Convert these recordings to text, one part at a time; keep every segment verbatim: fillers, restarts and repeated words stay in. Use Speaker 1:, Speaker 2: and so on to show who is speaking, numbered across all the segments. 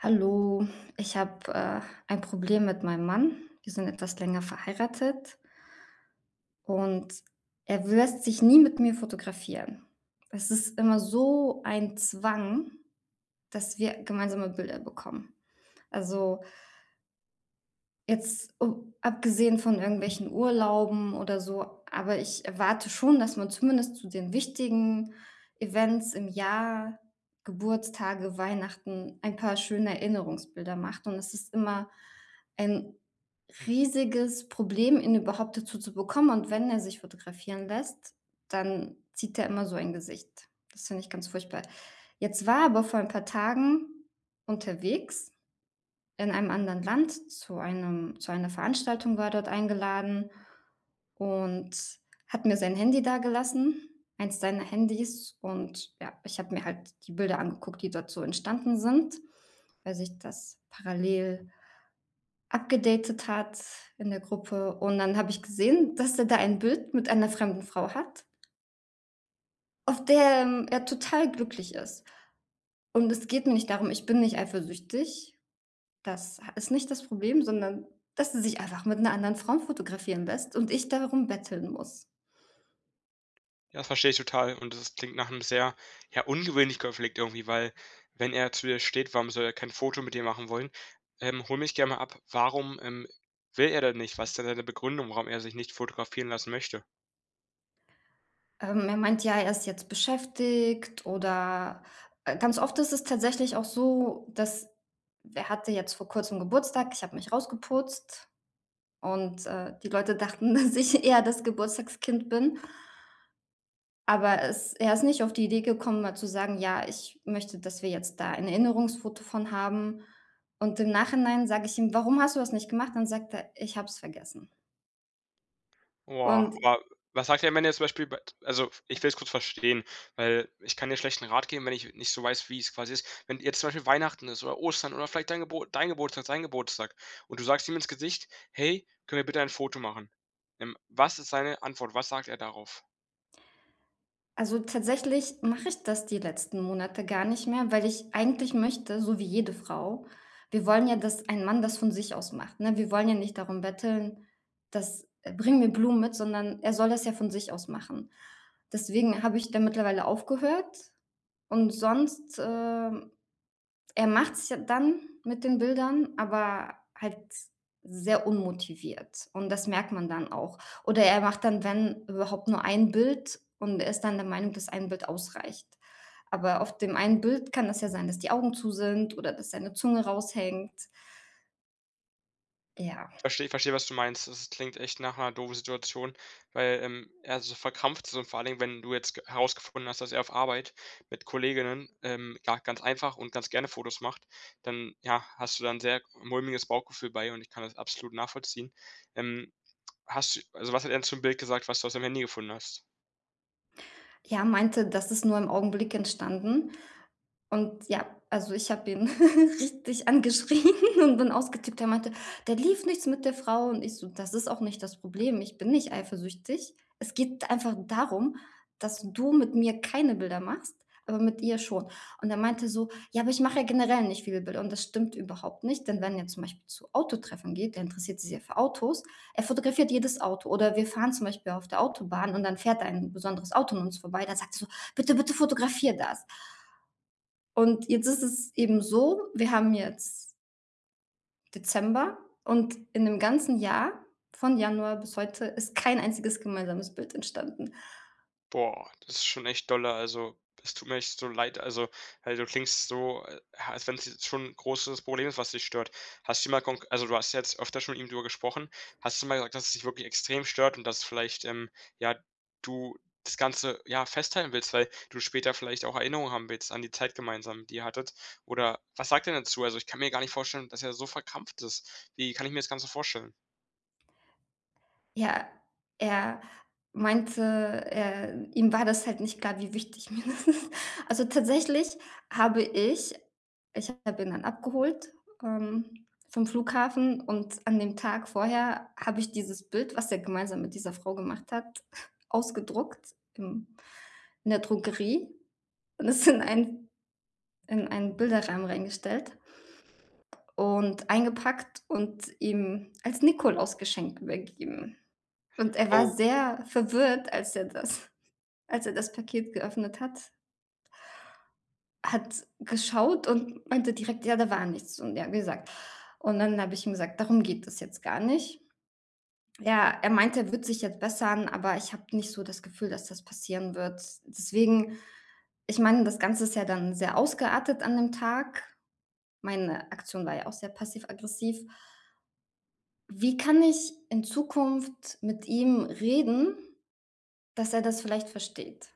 Speaker 1: Hallo. Ich habe, äh, ein Problem mit meinem Mann. Wir sind etwas länger verheiratet und er w lässt sich nie mit mir fotografieren. Es ist immer so ein Zwang, dass wir gemeinsame Bilder bekommen. Also jetzt, u abgesehen von irgendwelchen Urlauben oder so. Aber ich erwarte schon, dass man zumindest zu den wichtigen Events im Jahr, Geburtstage, Weihnachten, ein paar schöne Erinnerungsbilder macht. Und es ist immer ein riesiges Problem, ihn überhaupt dazu zu bekommen. Und wenn er sich fotografieren lässt, dann zieht er immer so ein Gesicht. Das finde ich ganz furchtbar. Jetzt war er aber vor ein paar Tagen unterwegs in einem anderen Land zu einem zu einer Veranstaltung war er dort eingeladen und hat mir sein Handy dagelassen eins seiner Handys. Und, ja, ich habe mir halt die Bilder angeguckt, die dort so entstanden sind, weil sich das parallel upgedatet hat in der Gruppe. Und dann habe ich gesehen, dass er da ein Bild mit einer fremden Frau hat. Auf der, ähm, er total glücklich ist. Und es geht mir nicht darum, ich bin nicht eifersüchtig. Das ha ist nicht das Problem, sondern dass er sich einfach mit 'ner anderen Frau fotografieren lässt und ich darum betteln muss.
Speaker 2: Ja, verstehe ich total. Und das klingt nach 'm sehr, ja, ungewöhnlichen Konflikt, irgendwie, weil, wenn er zu dir steht, warum soll er kein Foto mit dir machen wollen? Ähm, hole mich gerne mal ab. Warum, ähm, will er denn nicht? Was denn seine Begründung, warum er sich nicht fotografieren lassen möchte?
Speaker 1: Ähm, er meint: „Ja, er ist jetzt beschäftigt.” Oder, äh, ganz oft ist es tatsächlich auch so, dass er hatte jetzt vor kurzem Geburtstag. Ich habe mich rausgeputzt und, äh, die Leute dachten, dass ich eher das Geburtstagskind bin aber es er ist nicht auf die Idee gekommen, mal zu sagen: „Ja, ich möchte, dass wir jetzt da ein Erinnerungsfoto von haben.“ Und im Nachhinein sage ich ihm: „Warum hast du das nicht gemacht?”, dann sagt er: „Ich habe es vergessen.”
Speaker 2: Boah.
Speaker 1: Und
Speaker 2: Aber was sagt er denn, wenn er zum Beispiel bei t also, ich will es kurz verstehen, weil ich kann dir schlecht 'n Rat geben, wenn ich nicht so weiß, wie's quasi ist. Wenn jetzt zum Beispiel Weihnachten ist oder Ostern oder vielleicht dein Geburt dein Geburtstag, sein Geburtstag, und du sagst ihm ins Gesicht: „Hey, können wir bitte ein Foto machen?” Ähm, was ist seine Antwort? Was sagt er darauf?
Speaker 1: Also, tatsächlich mache ich das die letzten Monate gar nicht mehr, weil ich eigentlich möchte, so wie jede Frau wir wollen ja, dass ein Mann das von sich aus macht, ne? Wir wollen ja nicht darum betteln. Das bring mir Blumen mit, sondern er soll das ja von sich aus machen. Deswegen habe ich da mittlerweile aufgehört. Und sonst, ähm, er macht's ja dann mit den Bildern, aber halt sehr unmotiviert. Und das merkt man dann auch. Oder er macht dann, wenn überhaupt nur ein Bild und er ist dann der Meinung, dass ein Bild ausreicht. Aber auf dem einen Bild kann es ja sein, dass die Augen zu sind oder dass seine Zunge raushängt. Ja.
Speaker 2: Verstehe. Verstehe, was du meinst. Das klingt echt nach 'ner doofen Situation, weil, ähm, er so verkrampft so und vor allen Dingen, wenn du jetzt g herausgefunden hast, dass er auf Arbeit mit Kolleginnen, ähm, ja, ganz einfach und ganz gerne Fotos macht, dann, ja, hast du dann 'n sehr mulmiges Bauchgefühl bei. Und ich kann das absolut nachvollziehen, ähm. Hast also, was hat er denn zum Bild gesagt, was du aus dem Handy gefunden hast?
Speaker 1: Ja, meinte, das ist nur im Augenblick entstanden. Und ja, also ich habe ihn richtig angeschrien und bin ausgetickt, der meinte: „Da lief nichts mit der Frau“ und ich so: „Das ist auch nicht das Problem. Ich bin nicht eifersüchtig. Es geht einfach darum, dass du mit mir keine Bilder machst, aber mit ihr schon.“ Und er meinte so: „Ja, aber ich mache ja generell nicht viele Bilder.“, und das stimmt überhaupt nicht, denn wenn er zum Beispiel zu Autotreffen geht, der interessiert sich sehr für Autos. Er fotografiert jedes Auto oder wir fahren zum Beispiel auf der Autobahn und dann fährt da ein besonderes Auto an uns vorbei, dann sagt er so: „Bitte, bitte fotografier das“ und jetzt ist es eben so, wir haben jetzt Dezember und in 'nem ganzen Jahr von Januar bis heute ist kein einziges gemeinsames Bild entstanden.
Speaker 2: Boah, das ist schon echt dolle. Also, das tut mir echt so leid. Also, weil du klingst so, a als wenn's jetzt schon 'n großes Problem ist, was dich stört. Hast du mal konk also, du hast jetzt öfter schon mit ihm drüber gesprochen. Hast du mal gesagt, dass es dich wirklich extrem stört und dass vielleicht, ähm, ja, du das Ganze, ja, festhalten willst, weil du später vielleicht auch Erinnerungen haben willst an die Zeit gemeinsam, die ihr hattet, oder was sagt er denn dazu? Also, ich kann mir gar nicht vorstellen, dass er so verkrampft ist. Wie kann ich mir das Ganze vorstellen?
Speaker 1: Ja, er meinte, er ihm war das halt nicht klar, wie wichtig mir das ist. Also, tatsächlich habe ich ich habe ihn dann abgeholt, ähm, vom Flughafen. Und an dem Tag vorher habe ich dieses Bild, was er gemeinsam mit dieser Frau gemacht hat, ausgedruckt, ähm, in der Drogerie. Und es in ein in einen Bilderrahmen reingestellt und eingepackt und ihm als Nikolaus-Geschenk übergeben. Und er war
Speaker 2: Oh.
Speaker 1: sehr verwirrt, als er das als er das Paket geöffnet hat. Hat geschaut und meinte direkt: „Ja, da war nichts.” Und ja, wie gesagt, und dann habe ich ihm gesagt: „Darum geht es jetzt gar nicht.” Ja, er meinte, er wird sich jetzt bessern, aber ich habe nicht so das Gefühl, dass das passieren wird. Deswegen ich meine, das Ganze ist ja dann sehr ausgeartet an dem Tag. Meine Aktion war ja auch sehr passiv-aggressiv. Wie kann ich in Zukunft mit ihm reden, dass er das vielleicht versteht?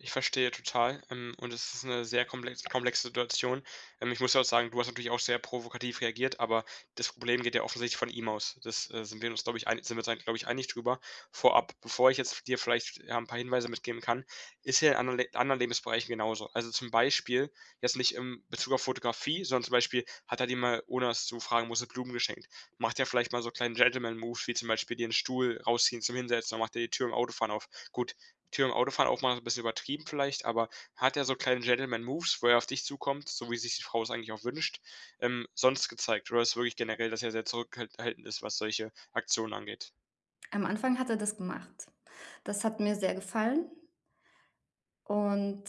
Speaker 2: Ich verstehe total, ähm, und es ist 'ne sehr komplex komplexe Situation. Ähm, ich muss dir auch sagen, du hast natürlich auch sehr provokativ reagiert. Aber das Problem geht ja offensichtlich von ihm aus. Das, äh, sind wir uns, glaube ich ei sind wir uns da, glaube ich, einig drüber. Vorab, bevor ich jetzt v dir vielleicht, ja, 'n paar Hinweise mitgeben kann. Ist er in anderen Le anderen Lebensbereichen genauso? Also zum Beispiel, jetzt nicht im Bezug auf Fotografie, sondern zum Beispiel hat er dir mal, ohne das zu fragen, nur so Blumen geschenkt, macht er vielleicht mal so 'n kleinen Gentleman-Move wie zum Beispiel dir 'n Stuhl rausziehen zum Hinsetzen oder macht er die Tür im Autofahren auf. Gut, Tür im Autofahren aufmachen ist 'n bisschen übertrieben vielleicht, aber hat der so kleine Gentleman-Moves, wo er auf dich zukommt, so wie es sich die Frau es eigentlich auch wünscht, ähm, sonst gezeigt, oder ist es wirklich generell, dass er sehr zurückhalt haltend ist, was solche Aktionen angeht?
Speaker 1: Am Anfang hat er das gemacht. Das hat mir sehr gefallen. Und,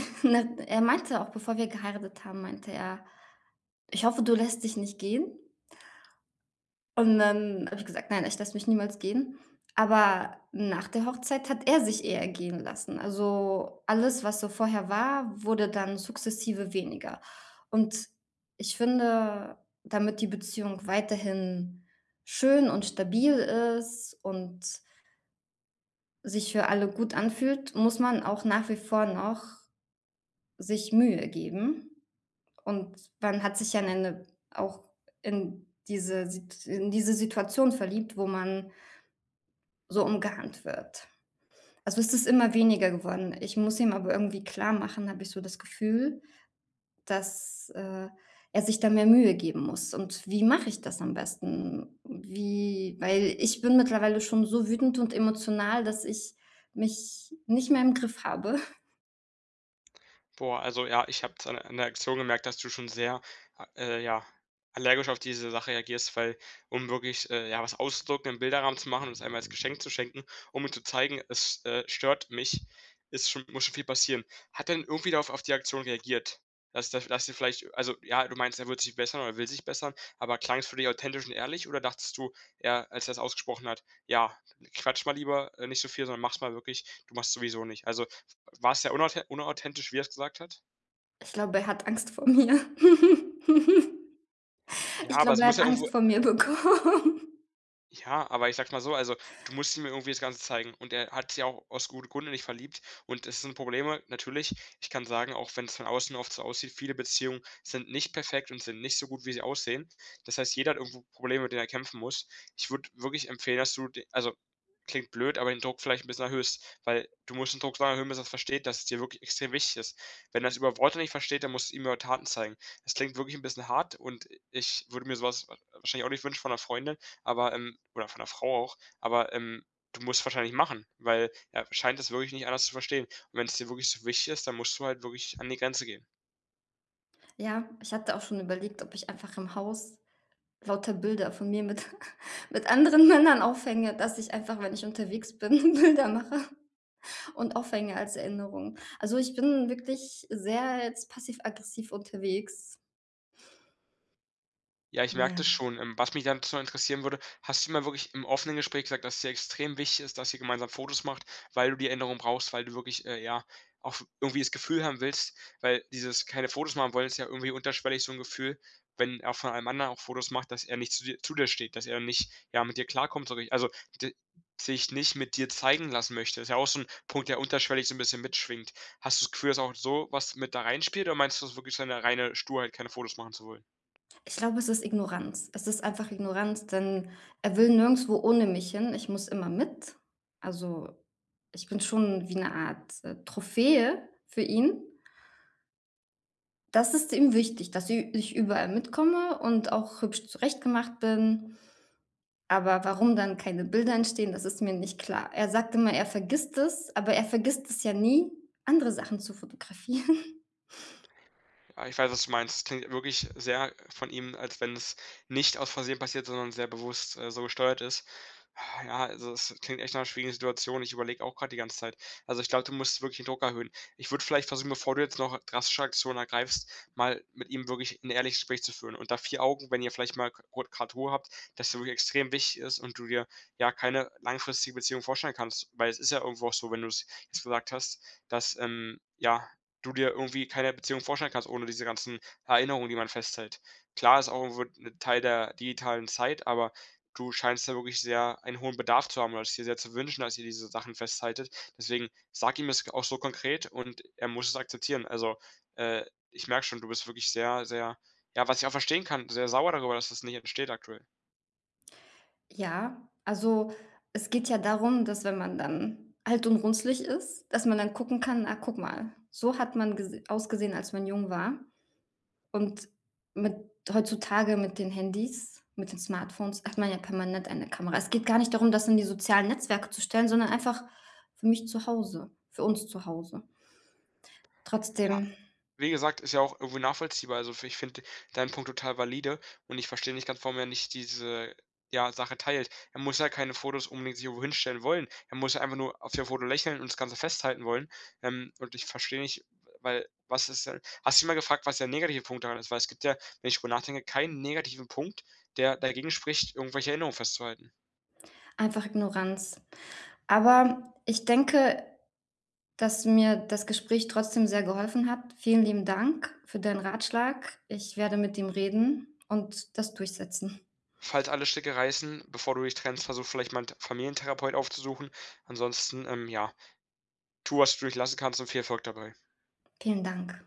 Speaker 1: ne, er meinte auch bevor wir geheiratet haben meinte er: „Ich hoffe, du lässt dich nicht gehen.“ Und dann habe ich gesagt: „Nein, ich lasse mich niemals gehen.“ Aber nach der Hochzeit hat er sich eher gehen lassen. Also alles, was so vorher war, wurde dann sukzessive weniger und ich finde, damit die Beziehung weiterhin schön und stabil ist und sich für alle gut anfühlt, muss man auch nach wie vor noch sich Mühe geben. Und dann hat sich ja 'ne 'ne auch in diese Sit in diese Situation verliebt, wo man so umgarnt wird. Also ist das immer weniger geworden. Ich muss ihm aber irgendwie klarmachen, habe ich so das Gefühl, dass, äh, er sich da mehr Mühe geben muss. Und wie mache ich das am besten? Wie weil ich bin mittlerweile schon so wütend und emotional, dass ich mich nicht mehr im Griff habe.
Speaker 2: Boah. Also ja ich habe es a an der Reaktion gemerkt, dass du schon sehr, äh, ja, allergisch auf diese Sache reagierst, weil, um wirklich, äh, ja, was auszudrucken, im Bilderrahmen zu machen, um es einmal als Geschenk zu schenken, um ihm zu zeigen: „Es, äh, stört mich.“ Ist schon muss schon viel passieren. Hat er denn irgendwie darauf auf die Aktion reagiert? Das da das ihr vielleicht also ja, du meinst, er wird sich bessern oder er will sich bessern. Aber klang es für dich authentisch und ehrlich? Oder dachtest du eher als er es ausgesprochen hat: „Ja, quatsch mal lieber, äh, nicht so viel, sondern mach's mal wirklich! Du machst's sowieso nicht.“ Also war's sehr unauthen unauthentisch, wie er es gesagt hat?
Speaker 1: Ich glaube, er hat Angst vor mir.
Speaker 2: Ja,
Speaker 1: Ich
Speaker 2: aber
Speaker 1: glaube,
Speaker 2: es
Speaker 1: er
Speaker 2: muss
Speaker 1: hat
Speaker 2: ja irgendwo,
Speaker 1: Angst
Speaker 2: äh
Speaker 1: vor mir bekommen.
Speaker 2: Ja, aber ich sage es mal so. Also, du musst ihm ja irgendwie das Ganze zeigen. Und er hat sich ja auch aus gute Grund in dich verliebt. Und es sind Probleme, natürlich. Ich kann sagen, auch wenn's von außen oft so aussieht, viele Beziehungen sind nicht perfekt und sind nicht so gut, wie sie aussehen. Das heißt, jeder hat irgendwo Probleme, mit denen er kämpfen muss. Ich würde wirklich empfehlen, dass du d also klingt blöd, aber den Druck vielleicht 'n bisschen erhöhst, weil du musst den Druck so lange erhöhen bis er versteht, dass es dir wirklich extrem wichtig ist. Wenn er's über Worte nicht versteht, dann musst du's ihm über Taten zeigen. Das klingt wirklich 'n bisschen hart. Und ich würde mir sowas war wahrscheinlich auch nicht wünschen von 'ner Freundin. Aber, ähm, oder von der Frau auch. Aber, ähm, du musst es wahrscheinlich machen, weil er scheint es wirklich nicht anders zu verstehen. Und wenn's dir wirklich so wichtig ist, dann musst du halt wirklich an die Grenze gehen.
Speaker 1: Ja, ich hatte auch schon überlegt, ob ich einfach im Haus lauter Bilder von mir mit mit anderen Männern aufhänge, dass ich einfach, wenn ich unterwegs bin, Bilder mache und aufhänge als Erinnerung. Also, ich bin wirklich sehr jetzt passiv-aggressiv unterwegs.
Speaker 2: Ja, ich merke das
Speaker 1: Ja.
Speaker 2: schon, ähm, was mich dann so interessieren würde, hast du mal wirklich im offenen Gespräch gesagt, dass dir extrem wichtig ist, dass ihr gemeinsam Fotos macht, weil du die Änderung brauchst, weil du wirklich, äh, ja auch f irgendwie das Gefühl haben willst, weil dieses keine Fotos machen wollen, ist ja irgendwie unterschwellig, so 'n Gefühl, wenn er von allem anderen auch Fotos macht, dass er nicht zu dir zu dir steht, dass er nicht, ja, mit dir klarkommt, so wie also d sich nicht mit dir zeigen lassen möchte. Ist ja auch so 'n Punkt, der unterschwellig so 'n bisschen mitschwingt. Hast du's Gefühl, dass auch sowas mit da reinspielt, oder meinst du so wirklich so 'ne reine Sturheit keine Fotos machen zu wollen?
Speaker 1: Ich glaube, es ist Ignoranz. Es ist einfach Ignoranz, denn er will nirgendswo ohne mich hin. Ich muss immer mit. Also, ich bin schon wie 'ne Art, äh, Trophäe für ihn. Das ist ihm wichtig, dass ü ich überall mitkomme und auch hübsch zurechtgemacht bin. Aber warum dann keine Bilder entstehen, das ist mir nicht klar. Er sagt immer, er vergisst es, aber er vergisst es ja nie, andere Sachen zu fotografieren.
Speaker 2: Ja, ich weiß, was du meinst. Klingt wirklich sehr von ihm, als wenn's nicht aus Versehen passiert, sondern sehr bewusst, äh, so gesteuert ist. Ha, ja, also, das klingt echt nach schwierigen Situation. Ich überlege auch gerade die ganze Zeit. Also, ich glaube, du musst wirklich den Druck erhöhen. Ich würde vielleicht versuchen, bevor du jetzt noch drastische Aktionen ergreifst, mal mit ihm wirklich 'n ehrliches Gespräch zu führen. Unter vier Augen, wenn ihr vielleicht mal [unintelligible] Ruhe habt, dass du wirklich extrem wichtig ist und du dir, ja, keine langfristige Beziehung vorstellen kannst, weil's ist ja irgendwo auch so, wenn du's gesagt hast, dass, ähm, ja, du dir irgendwie keine Beziehung vorstellen kannst, ohne diese ganzen Erinnerungen, die man festhält. Klar ist auch wird 'ne Teil der digitalen Zeit. Aber du scheinst ja wirklich sehr einen hohen Bedarf zu haben oder es dir sehr zu wünschen, dass ihr diese Sachen festhaltet. Deswegen sag ihm es g auch so konkret und er muss es akzeptieren. Also, äh, ich merke schon, du bist wirklich sehr sehr ja, was ich auch verstehen kann, sehr sauer darüber, dass es nicht entsteht aktuell.
Speaker 1: Ja. Also, es geht ja darum, dass wenn man dann alt und runzlig ist, dass man dann gucken kann: „Ach, guck mal, so hat man ges ausgesehen, als man jung war.“ Und mit heutzutage mit den Handys, mit den Smartphones, hat man ja permanent eine Kamera. Es geht gar nicht darum, das in die sozialen Netzwerke zu stellen, sondern einfach für mich zu Hause, für uns zu Hause.
Speaker 2: Ja,
Speaker 1: Trotzdem
Speaker 2: wie gesagt, ist ja auch irgendwo nachvollziehbar. Also, fi ich finde deinen Punkt total valide. Und ich verstehe nicht ganz, warum er nicht diese, ja, Sache teilt. Er muss ja keine Fotos unbedingt sich irgendwo hinstellen wollen. Er muss einfach nur auf dem Foto lächeln und das Ganze festhalten wollen. Ähm, und ich verstehe nicht, weil was ist denn hast du mal gefragt, was der negative Punkt daran ist, weil es gibt ja, wenn ich drüber nachdenke, keinen negativen Punkt, der dagegen spricht, irgendwelche Erinnerungen festzuhalten.
Speaker 1: Einfach Ignoranz. Aber ich denke, dass mir das Gespräch trotzdem sehr geholfen hat. Vielen lieben Dank für deinen Ratschlag. Ich werde mit ihm reden und das durchsetzen.
Speaker 2: Falls alle Stricke reißen, bevor du dich trennst, versuch vielleicht mal 'nen T Familien-Therapeut aufzusuchen. Ansonsten, ähm, ja, tu was du nicht lassen kannst und viel Erfolg dabei.
Speaker 1: Vielen Dank.